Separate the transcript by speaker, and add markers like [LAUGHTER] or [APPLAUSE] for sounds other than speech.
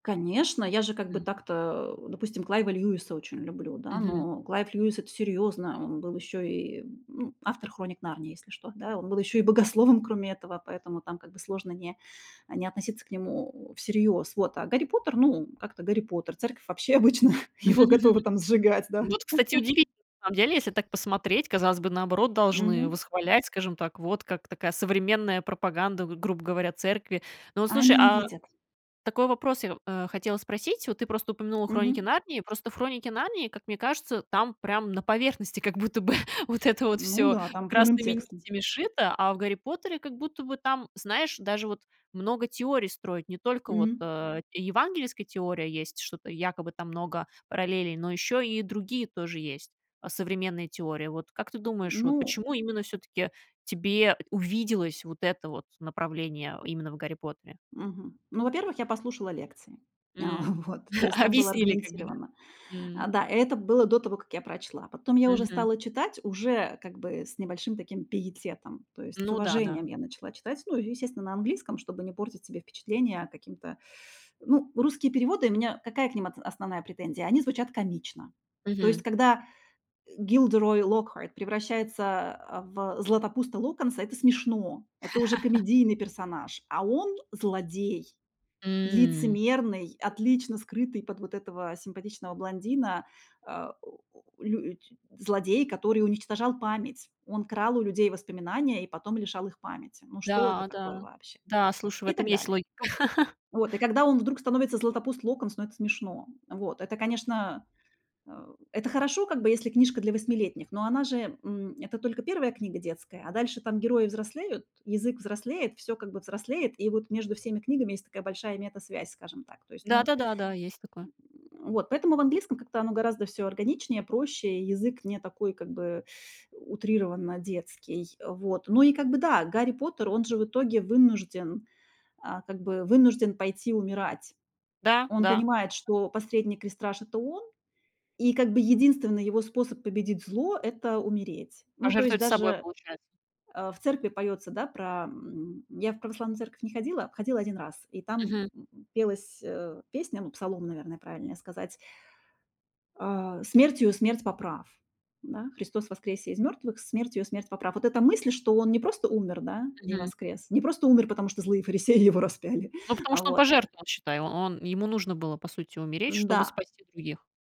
Speaker 1: Конечно, я же, как бы,
Speaker 2: М.
Speaker 1: так-то, допустим, Клайва Льюиса очень люблю, да.
Speaker 2: Мгм.
Speaker 1: Но Клайв Льюис- это серьёзно. Он был ещё и, ну, автор "Хроник Нарнии", если что, да. Он был ещё и богословом, кроме этого, поэтому там, как бы, сложно не не относиться к нему всерьёз. Вот. А "Гарри Поттер", ну, как-то "Гарри Поттер", церковь вообще, обычно, его готова
Speaker 2: [CHUCKLES]
Speaker 1: там сжигать, да.
Speaker 2: Вот, кстати, удивительно, на самом деле, в идеале, если
Speaker 1: [LAUGHS]
Speaker 2: так посмотреть, казалось бы, наоборот, должны
Speaker 1: Мгм.
Speaker 2: восхвалять, скажем так, вот как такая современная пропаганда, г грубо говоря, церкви. Но вот
Speaker 1: А
Speaker 2: слушай,
Speaker 1: они не
Speaker 2: а
Speaker 1: видят.
Speaker 2: такой вопрос я, э, хотела спросить. Вот ты просто упомянула "Хроники
Speaker 1: Мгм.
Speaker 2: Нарнии". Просто в "Хроники Нарнии", как мне кажется, там прям на поверхности как будто бы вот это вот
Speaker 1: Ну
Speaker 2: всё
Speaker 1: да, там прямым
Speaker 2: красными
Speaker 1: текстом.
Speaker 2: нитями сшито, а в "Гарри Поттере" как будто бы там, знаешь, даже вот много теорий строить. Не только вот,
Speaker 1: Мгм.
Speaker 2: э, евангельская теория есть, что-то якобы там много параллелей, но ещё и другие тоже есть современные теории. Вот как ты думаешь, вот
Speaker 1: Ну
Speaker 2: почему именно всё-таки тебе увиделось вот это вот направление именно в "Гарри Поттере"?
Speaker 1: Мгм. Ну, во-первых, я послушала лекции. А
Speaker 2: М,,
Speaker 1: вот, то есть
Speaker 2: [CHUCKLES]
Speaker 1: там было
Speaker 2: объяснили, как бы, да?
Speaker 1: аргументировано.
Speaker 2: М.
Speaker 1: Да, это было до того, как я прочла. Потом я уже
Speaker 2: Мгм.
Speaker 1: стала читать, уже как бы с небольшим таким пиететом. То есть с
Speaker 2: Ну да-да.
Speaker 1: уважением я начала читать. Ну, и естественно, на английском, чтобы не портить себе впечатление каким-то [SUCKS TEETH] ну, русские переводы, у меня какая к ним отс основная претензия? Они звучат комично. То есть
Speaker 2: Мгм.
Speaker 1: когда Gilderoy Lockhart превращается, э, в Златопуста Локонса, это смешно, это уже
Speaker 2: [LAUGHS]
Speaker 1: комедийный персонаж. А он- злодей,
Speaker 2: М.
Speaker 1: лицемерный, отлично скрытый под вот этого симпатичного блондина, а, лють злодей, который уничтожал память. Он крал у людей воспоминания и потом лишал их памяти. Ну что это
Speaker 2: Да,
Speaker 1: такое
Speaker 2: да,
Speaker 1: вообще?
Speaker 2: да, слушай, в
Speaker 1: И
Speaker 2: этом
Speaker 1: так
Speaker 2: есть
Speaker 1: далее.
Speaker 2: логика. [CHUCKLES]
Speaker 1: Вот. И когда он вдруг становится Златопуст Локонс, ну это смешно. Вот. Это, конечно, э, это хорошо как бы, если книжка для восьмилетних, но она же, м, это только 1 книга детская, а дальше там герои взрослеют, язык взрослеет, всё как бы взрослеет, и вот между всеми книгами есть такая большая метасвязь, скажем так, то есть,
Speaker 2: Да
Speaker 1: ну
Speaker 2: да да да, есть такое.
Speaker 1: [GRUNTS] вот, поэтому в английском как-то оно гораздо всё органичнее, проще, и язык не такой, как бы, [SUCKS TEETH] утрированно детский, вот. Ну и, как бы, да, Гарри Поттер, он же в итоге вынужден, а, как бы, вынужден пойти умирать.
Speaker 2: Да,
Speaker 1: Он
Speaker 2: да.
Speaker 1: понимает, что последний крестраж- это он, и, как бы, единственный его способ победить зло- это умереть. Ну, то есть
Speaker 2: Пожертвовать собой,
Speaker 1: даже,
Speaker 2: получается.
Speaker 1: э, в церкви поётся, да, про м. Я в православную церковь не ходила, ходила 1 раз, и там,
Speaker 2: Мгм.
Speaker 1: м, пелась, э, песня, ну, псалом, наверное, правильнее сказать э, "Смертью смерть поправ", да? "Христос воскресе из мёртвых, смертью смерть поправ". Вот эта мысль, что он не просто умер, да, и
Speaker 2: Мгм.
Speaker 1: воскрес, не просто умер, потому что злые фарисеи его распяли.
Speaker 2: Ну, потому что он
Speaker 1: Вот.
Speaker 2: пожертвовал, считай. Он ему нужно было, по сути, умереть, чтобы
Speaker 1: М-да.
Speaker 2: спасти других.